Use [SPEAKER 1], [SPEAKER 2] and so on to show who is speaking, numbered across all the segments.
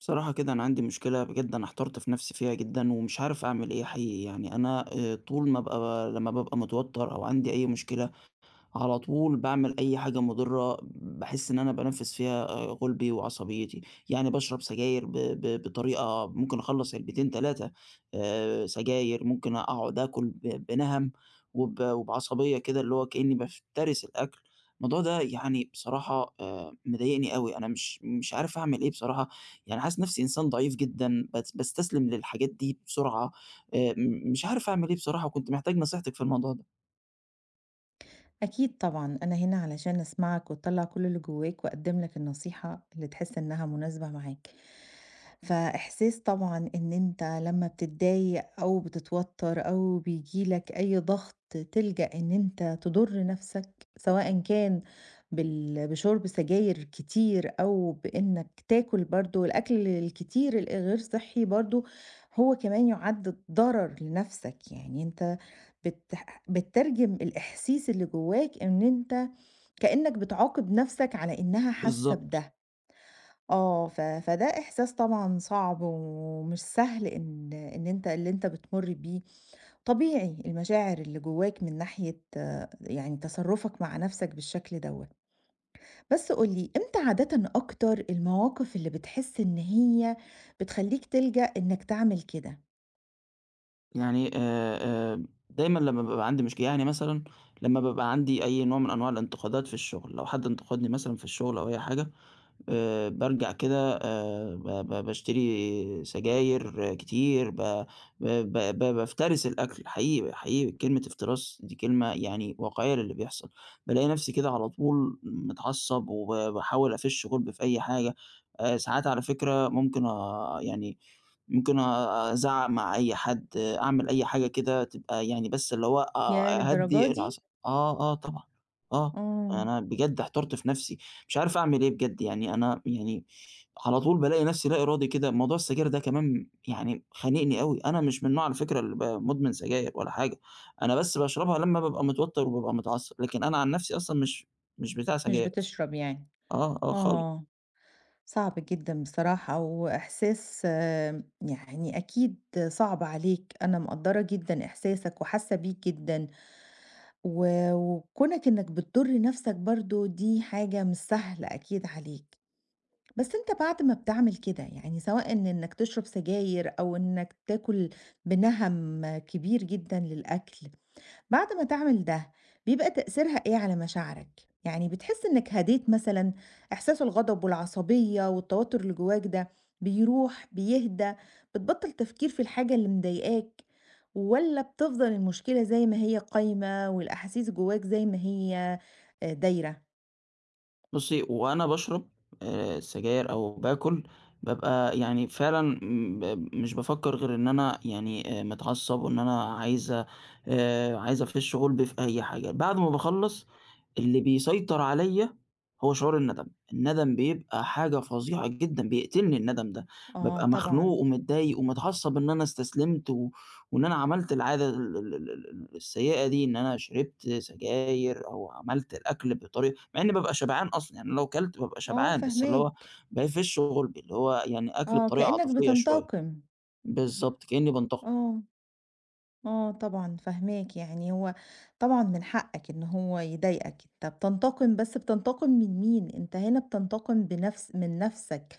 [SPEAKER 1] بصراحة كده أنا عندي مشكلة بجد أنا احترت في نَفْسي فيها جدًا ومش عارف أعمل إيه حقيقي، يعني أنا آآ طول ما أبقى لمّا بابقى متوتَّر أو عندي أي مشكلة، على طول باعمل أي حاجة مُضرة باحس إن أنا بانفِّس فيها غُلبي وعصبيتي. يعني باشرب سجاير ب ب بطريقة ممكن أخلَّص علبتين، آآ سجاير، ممكن أقعُد آكُل ب بنَهَم وب وبعصبية كده اللي هو كإنّي بافترس الأكل. الموضوع ده يعني بصراحة آآ، مضايقني أوي، أنا مش مش عارف أعمل إيه بصراحة يعني حاسس نَفْسي إنسان ضعيف جدًا بت باستستلم للحاجات دي بسرعة آآ، م مش عارف أعمل إيه بصراحة وكنت محتاج نصيحتِك في الموضوع ده.
[SPEAKER 2] أكيد طبعًا، أنا هنا علشان أسمعك وتطلّع كل اللي جوّاك وأقدّم لك النصيحة اللي تحس إنّها مناسبة معاك. فإحساس طبعًا إن أنت لمّا بتضايق أو بتتوتَّر أو بييجي لك أي ضَغْط تلجأ إن أنت تضُر نَفْسك سواءً كان بال بشُرْب سجاير كتير أو بإنّك تاكُل برضه الأكل الكتير الغير صحّي برضه هو كمان يُعَد ضرر لنَفْسك. يعني أنت بتح بتترجم الإحاسيس اللي جوّاك إن أنت كإنّك بتعاقب نَفْسك على إنّها حاسّة
[SPEAKER 1] بالضبط.
[SPEAKER 2] بده. آه، ف فده إحساس طبعًا صعب ومش سهل إن إن أنت اللي أنت بتمُُر بيه، طبيعي المشاعر اللي جوّاك من ناحية يعني تصرُّفك مع نَفْسك بالشكل دوّة. بس قُل لي إمتى عادةً أكتر المواقف اللي بتحس إن هي بتخلّيك تلجأ إنّك تعمل كده؟
[SPEAKER 1] يعني آآ آآ دايمًا لمّا بيبقى عندي مشكل يعني مثلًا لمّا بابقى عندي أي نوع من أنواع الانتقادات في الشغل، لو حد انتقدني مثلًا في الشغل أو أي حاجة آآ بارجع كده آآ ب ب باشتري سجاير كتير ب ب بافترس الأكل حقيقي حقيقي كلمة افتراس دي كلمة يعني واقعية للي بيحصل بالاقي نفسي كده على طول متعصب وب باحاول أفش غُلبي في أي حاجة، آآ ساعات على فكرة ممكن آآ يعني ممكن أ أ أ أزعق مع أي حد أعمل أي حاجة كده تبقى يعني بس اللي هو
[SPEAKER 2] ياه!
[SPEAKER 1] أ
[SPEAKER 2] للدرجة
[SPEAKER 1] أهدي
[SPEAKER 2] دي؟
[SPEAKER 1] العص آه، آه طبعًا آه،
[SPEAKER 2] امم.
[SPEAKER 1] أنا بجد احترت في نفسي مش عارف أعمل إيه بجد، يعني أنا يعني على طول بالاقي نفسي لا إرادي كده موضوع السجاير ده كمان يعني خانقني أوي أنا مش من النوع على فكرة اللي ب مدمن سجاير ولا حاجة، أنا بس باشربها لمّا بابقى متوتر وبابقى متعصب لكن أنا عن نفسي أصلًا مش مش بتاع
[SPEAKER 2] مش
[SPEAKER 1] سجاير أصلًا.
[SPEAKER 2] بتشرب يعني؟
[SPEAKER 1] آه، آه خال
[SPEAKER 2] آه صعب جدًا بصراحة وإحساس آآ يعني أكيد صعب عليك أنا مقدرّة جدًا إحساسك وحاسة بيه جدًا و وكونك إنك بتضر نفسك برضه دي حاجة مش سهلة أكيد عليك بس أنت بعد ما بتعمل كده، يعني سواءً إن إنك تشرب سجاير أو إنك تاكل بِنَهم كبير جدًا للأكل، بعد ما تعمل ده بيبقى تأثيرها إيه على مشاعرك، يعني بتحس إنك هديت مثلًا؟ إحساس الغضب والعصبية والتوتر اللي جواك ده بيروح؟ بيهدى؟ بتبطل تفكير في الحاجة اللي مضايقاك؟ والّا بتفضل المشكلة زي ما هي قايمة والأحاسيس جواك زي ما هي آآ دايرة؟
[SPEAKER 1] بُصي وأنا باشرب آآ السجاير أو باكل بابقى يعني فعلًا م مش بافكر غير إن أنا يعني آآ متعصب وإن أنا عايز آآ عايز أفش غُلبي في أي حاجة، بعد ما باخلص اللي بيسيطر عليّا هو شعور الندم، الندم بيبقى حاجة فظيعة جدًا، بيقتلني الندم ده
[SPEAKER 2] آه
[SPEAKER 1] بابقى مخنوق
[SPEAKER 2] طبعًا.
[SPEAKER 1] ومتضايق ومتعصب إن أنا استسلمت و وإن أنا عملت العادة ال ال الـسيئة دي، إن أنا شربت سجاير أو عملت الأكل بطريقة مع إني بابقى شبعان أصلًا، يعني لو كلت بابقى
[SPEAKER 2] آه
[SPEAKER 1] شبعان بس اللي هو
[SPEAKER 2] فاهماك.
[SPEAKER 1] بافش غُلبي، اللي هو يعني أكل
[SPEAKER 2] آه،
[SPEAKER 1] بطريقة
[SPEAKER 2] كأنك
[SPEAKER 1] عاطفية شوية.
[SPEAKER 2] بتنتقم.
[SPEAKER 1] بالضبط، كأني بانتقم.
[SPEAKER 2] آه، آه طبعًا فاهماك يعني هو طبعًا من حقك إن هو يضايقك أنت بتنتقم بس بتنتقم من مين؟ أنت هنا بتنتقم بنفس من نفسك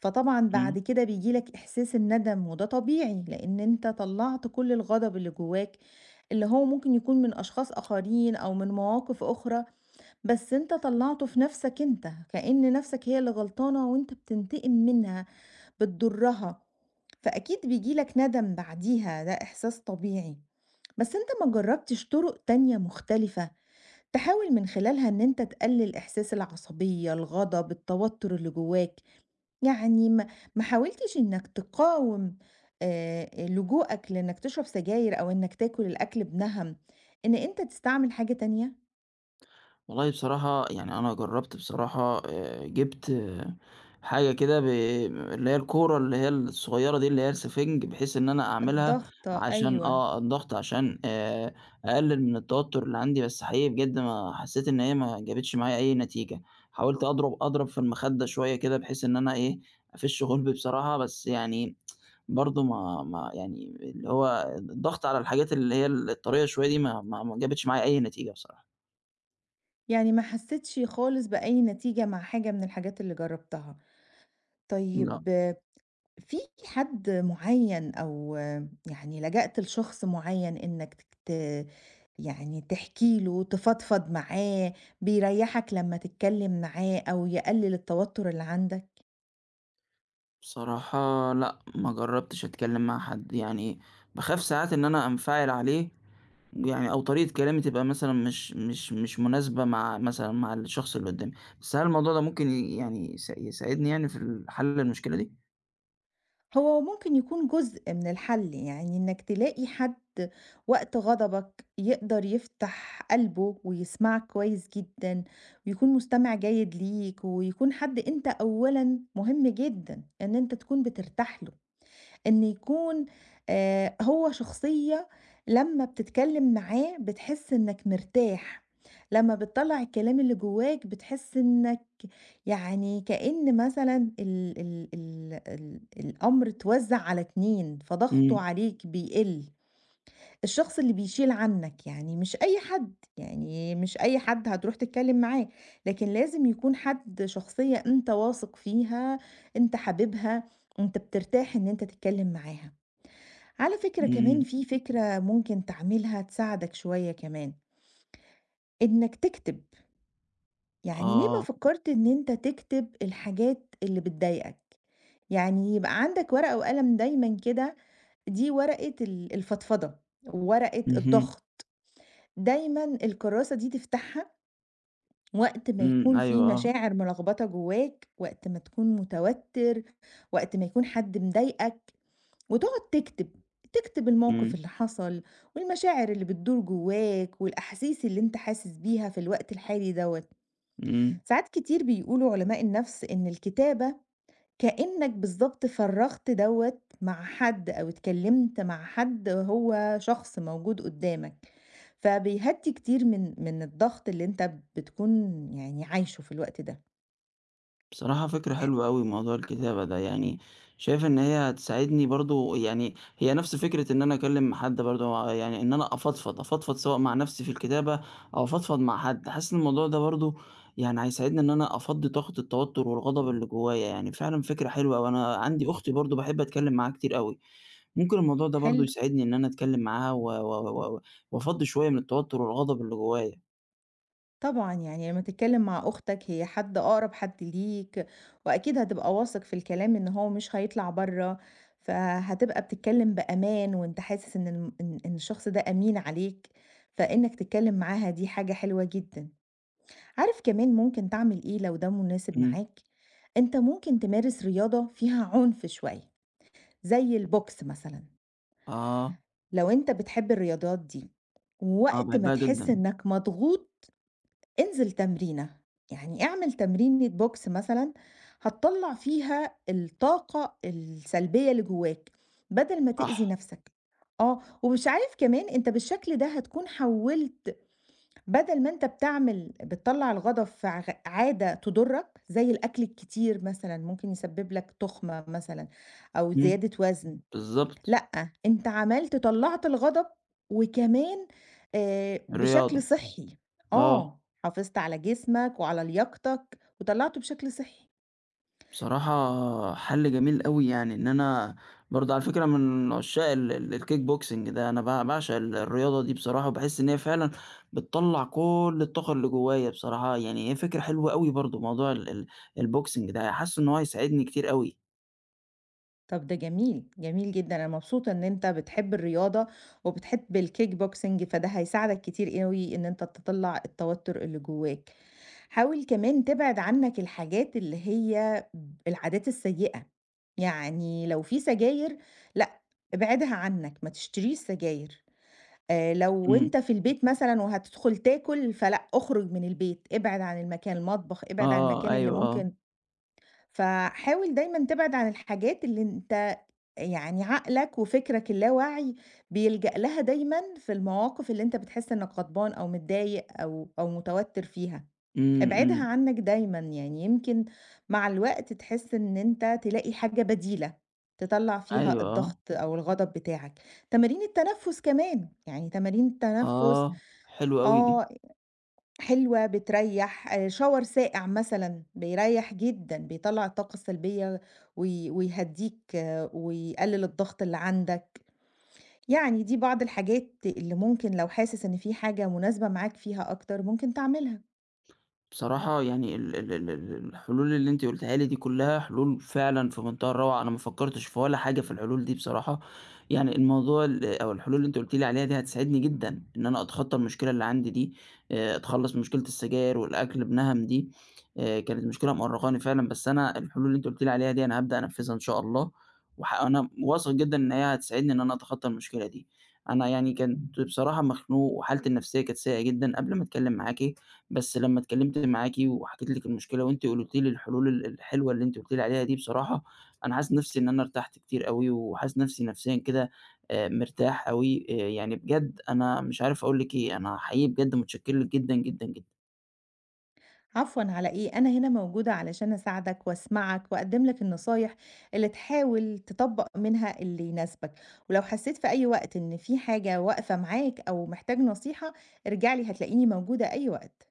[SPEAKER 2] فطبعًا
[SPEAKER 1] إمم.
[SPEAKER 2] بعد كده بييجي لك إحساس الندم وده طبيعي لإن أنت طلّعت كل الغضب اللي جواك اللي هو ممكن يكون من أشخاص آخرين أو من مواقف أخرى، بس أنت طلّعته في نفسك أنت كأن نفسك هي اللي غلطانة وأنت بتنتقم منها بتضرها فأكيد بييجي لك ندم بعديها ده إحساس طبيعي، بس أتت ما جربتش طرق تانية مختلفة، تحاول من خلالها إن أنت تقلل إحساس العصبية، الغضب، التوتر اللي جواك؟ يعني م ما حاولتش إنك تقاوم آآ لجوءك لإنك تشرب سجاير أو إنك تاكل الأكل بِنَهم إن أنت تستعمل حاجة تانية؟
[SPEAKER 1] والله بصراحة يعني، أنا جربت بصراحة، آآ جِبت حاجة كده، ب اللي هي الكورة اللي هي الصغيرة دي، اللي هي السفنج، بحيث إن أنا أعملها
[SPEAKER 2] الضاغطة،
[SPEAKER 1] عشان
[SPEAKER 2] أيوه.
[SPEAKER 1] آه، الضغط، عشان آآ أقلل من التوتر اللي عندي، بس حقيقي بجد، ما حسيت إن هي ما جابتش معايا أي نتيجة، حاولت أضرب أضرب في المخدة شوية كده، بحيث إن أنا إيه، أفش غُلبي بصراحة، بس يعني برضو، ما ما يعني، اللي هو الض الضغط على الحاجات اللي هي الطرية شوية دي، ما ما ما جابتش معايا أي نتيجة بصراحة.
[SPEAKER 2] يعني ما حستش خالص بأي نتيجة مع حاجة من الحاجات اللي جربتها.
[SPEAKER 1] لأ.
[SPEAKER 2] طيب، في حد معيّن، أو يعني لجأت لشخص معيّن، إنك ت يعني تحكي له، تفضفض معاه، بيريحك لمّا تتكلم معاه، أو يقلل التوتر اللي عندك؟
[SPEAKER 1] بصراحة، لأ، ما جربتش أتكلم مع حد يعني، باخاف ساعات إن أنا أنفعل عليه، يعني أو طريقة كلامي تبقى مثلًا مش مش مش مناسبة مع مثلًا مع الشخص اللي قدامي. بس هل الموضوع ده ممكن ي يعني يس يساعدني، يعني في ال حل المشكلة دي؟
[SPEAKER 2] هو ممكن يكُون جزء من الحل، يعني إنك تلاقي حد وقت غضبك يقدَر يفتَح قلْبه ويسمَعك كويس جدًا ويكُون مستمِع جيد ليك، ويكُون حد أنت أولًا مهم جدًا إن أنت تكُون بترتاح له، إن يكُون آآ هو شخصية لمّا بتتكلّم معاه بتحس إنك مرتاح، لمّا بتطلّع الكلام اللي جوّاك بتحس إنك يعني، كإن مثلًا ال ال ال ال الأمر اتوزّع على اتنين، فضغطه
[SPEAKER 1] إمم.
[SPEAKER 2] عليك بيقِل، الشخص اللي بيشِيل عنك، يعني مش أي حد، يعني مش أي حد هترُوح تتكلّم معاه. لكن لازم يكون حد شخصية أنت واثق فيها، أنت حاببها، أنت بترتاح إن أنت تتكلّم معاها. على فكرة كمان
[SPEAKER 1] إمم.
[SPEAKER 2] في فكرة ممكن تعملها تساعدك شوية كمان. إنك تكتب. يعني ليه ما
[SPEAKER 1] آه.
[SPEAKER 2] فكّرت إن أنت تكتب الحاجات اللي بتضايقك؟ يعني يبقى عَندك ورقة وقلم دايمًا كده، دي ورقة ال الفضفضة، ورقة
[SPEAKER 1] اهم.
[SPEAKER 2] الضغط، دايمًا الكراسة دي تفتَحها وقت ما
[SPEAKER 1] إمم،
[SPEAKER 2] يكُون في
[SPEAKER 1] أيوه. آه.
[SPEAKER 2] مشاعر ملخبطة جوّاك، وقت ما تكُون متوتّر، وقت ما يكُون حد مضايقك، وتقعُد تكتب. تكتب الموقِف
[SPEAKER 1] إمم.
[SPEAKER 2] اللي حصَل، والمشاعر اللي بتدُور جوّاك، والأحاسيس اللي إنت حاسس بيها في الوقت الحالي دوّة.
[SPEAKER 1] إمم.
[SPEAKER 2] ساعات كتير بيقولوا علماء النفس إن الكتابة كإنك بالضبط فرّغت دوّة مع حد أو اتكلّمت مع حد هو شخص موجود قُدّامك. فبيهدّي كتير من من الضغط اللي أنت بتكُون يعني عايشه في الوقت ده.
[SPEAKER 1] بصراحة فكرة
[SPEAKER 2] تح
[SPEAKER 1] حلوة أوي موضوع الكتابة ده، يعني شايف إن هي هتساعدني برضه، يعني هي نَفْس فكرة إن أنا أكلّم حد برضه آآ، يعني إن أنا أفضفض، أفضفض سواء مع نَفْسي في الكتابة أو أفضفض مع حد. حاسس إن الموضوع ده برضه يعني هيساعدني إن أنا أفضّي طاقة التوتُّر والغضب اللي جوّايا، يعني فعلًا فكرة حلوة أوي. أنا عندي أختي برضه باحب أتكلّم معاها كتير أوي، ممكن الموضوع ده برضه
[SPEAKER 2] حلو.
[SPEAKER 1] يساعدني إن أنا أتكلّم معاها و و و وافضّي شوية من التوتُّر والغضب اللي جوّايا.
[SPEAKER 2] طبعًا، يعني لمّا تتكلّم مع أختك هي حد، أقرَب حد ليك وأكيد هتبقى واثق في الكلام إن هو مش هيطلَع برّه، فهتبقى بتتكلّم بأمان وأنت حاسس إن الم إن إن الشخص ده أمين عليك، فإنك تتكلّم معاها دي حاجة حلوة جدًا. عارف كمان ممكن تعمل إيه لو ده مناسب
[SPEAKER 1] إمم.
[SPEAKER 2] معاك، أنت ممكن تمارس رياضة فيها عُنف شوية زي الbox مثلًا
[SPEAKER 1] آه.
[SPEAKER 2] لو أنت بتحب الرياضات دي
[SPEAKER 1] آه،
[SPEAKER 2] ووقت ما
[SPEAKER 1] باحبها
[SPEAKER 2] تحس
[SPEAKER 1] جدًا.
[SPEAKER 2] إنك مضغوط، انزِل تمرينة، يعني اعمل تمرينة box مثلًا هتطلّع فيها الطاقة السلبية اللي جوّاك، بدَل ما تئذي
[SPEAKER 1] صح.
[SPEAKER 2] نَفْسك، آه، ومش عارف كمان أنت بالشكل ده هتكون حوّلت بدَل ما أنت بتعمل بتطلّع الغضب في ع غ عادة تضُرّك زي الأكل الكتير مثلًا، ممكن يسبّب لك تخمة مثلًا، أو
[SPEAKER 1] إمم،
[SPEAKER 2] زيادة وزْن،
[SPEAKER 1] بالضبط.
[SPEAKER 2] لأ، أنت عملت طلّعت الغضب وكمان آآ بشكل
[SPEAKER 1] رياضة.
[SPEAKER 2] صحّي،
[SPEAKER 1] آه.
[SPEAKER 2] آه، حافظت على جسمك وعلى لياقتك وطلّعته بشكل صحّي.
[SPEAKER 1] بصراحة حَل جميل أوي، يعني، إن أنا برضه على فكرة أنا من عُشّاق ال ال الkickboxing ده، أنا ب باعشق ال الرياضة دي بصراحة، وباحس إن هي فعلًا بتطلّع كلّ الطاقة اللي جوّايا بصراحة، يعني هي فكرة حلوة أوي برضه موضوع ال ال الBoxing ده، ي حاسّه إن هو هيساعدني كتير أوي.
[SPEAKER 2] طب ده جميل، جميل جدًا. أنا مبسوطة إن أنت بتحب الرياضة، وبتحب الkickboxing فده هيساعدك كتير أوي إن أنت تطلّع التوتر اللي جواك. حاول كمان تبعد عنك الحاجات اللي هي ب العادات السيئة، يعني لو في سجاير، لأ، ابعدها عنك، ما تشتريش سجاير، آآ لو
[SPEAKER 1] إمم.
[SPEAKER 2] أنت في البيت مثلًا، وهتدخل تاكل، فلأ، اخرج من البيت، ابعد عن المكان، المطبخ، ابعد عن
[SPEAKER 1] آه،
[SPEAKER 2] المكان اللي
[SPEAKER 1] أيوه آه.
[SPEAKER 2] ممكن فحاول دايمًا تبعد عن الحاجات اللي أنت يعني عقلك وفكرك اللاواعي بيلجأ لها دايمًا، في المواقف اللي أنت بتحس إنك غضبان أو متضايق أو أو متوتر فيها،
[SPEAKER 1] إمم،
[SPEAKER 2] ابعدها
[SPEAKER 1] إمم.
[SPEAKER 2] عنك دايمًا يعني. يمكن مع الوقت تحس إن أنت تلاقي حاجة بديلة، تطلّع فيها
[SPEAKER 1] أيوه، آه.
[SPEAKER 2] الضغط أو الغضب بتاعك. تمارين التنفس كمان، يعني تمارين التنفس
[SPEAKER 1] آه، حلو أوي دي.
[SPEAKER 2] آه، حلوة، بتريح. آآ shower ساقع مثلًا، بيريح جدًا، بيطلّع الطاقة السلبية، وي ويهدّيك، ويقلل الضغط اللي عندك، يعني دي بعض الحاجات اللي ممكن لو حاسس إن في حاجة مناسبة معاك فيها أكتر، ممكن تعملها.
[SPEAKER 1] بصراحة يعني، ال ال ال ال الحلول اللي أنتِ قُلتيها لي دي كلّها حلول فعلًا في مُنتهى الروعة، أنا ما فكّرتش في ولا حاجة في الحلول دي بصراحة، يعني الموضوع ال أو الحلول اللي أنتِ قُلتِ لي عليها دي هتساعدني جدًا إن أنا أتخطّى المشكلة اللي عندي دي آآ، أتخلّص من مشكلة السجاير والأكل بنهَم دي آآ، كانت مشكلة مأرّقاني فعلًا، بس أنا الحلول اللي أنتِ قُلتِ لي عليها دي أنا هابدأ أنفّذها إن شاء الله وه أنا واثق جدًا إن هي هتساعدني إن أنا أتخطّى المشكلة دي، أنا يعني كنت بصراحة مخنوق وحالتي النفسية كانت سيئة جدًا قبل ما أتكلّم معاكِ، بس لمّا اتكلّمت معاكِ وحكيت لِك المشكلة، وأنتِ قُلتِ لي الحلول ال الحلوة اللي أنتِ قُلتِ لي عليها دي بصراحة، أنا حاسس نَفسي إن أنا ارتحت كتير أوي وحاسس نفسي نفسيًا كده آآ مرتاح أوي. آآ يعني بجد أنا مش عارف أقول لِك إيه، أنا حقيقي بجد متشكّر لِك جدًا، جدًا، جدًا.
[SPEAKER 2] عفوًا على إيه، أنا هنا موجودة علشان أساعدك وأسمَعك وأقدِّم لك النصايح اللي تحاول تطبّق منها اللي يناسبك، ولو حسّيت في أي وقت إن في حاجة واقفة معاك أو محتاج نصيحة، ارجع لي هتلاقيني موجودة أي وقت.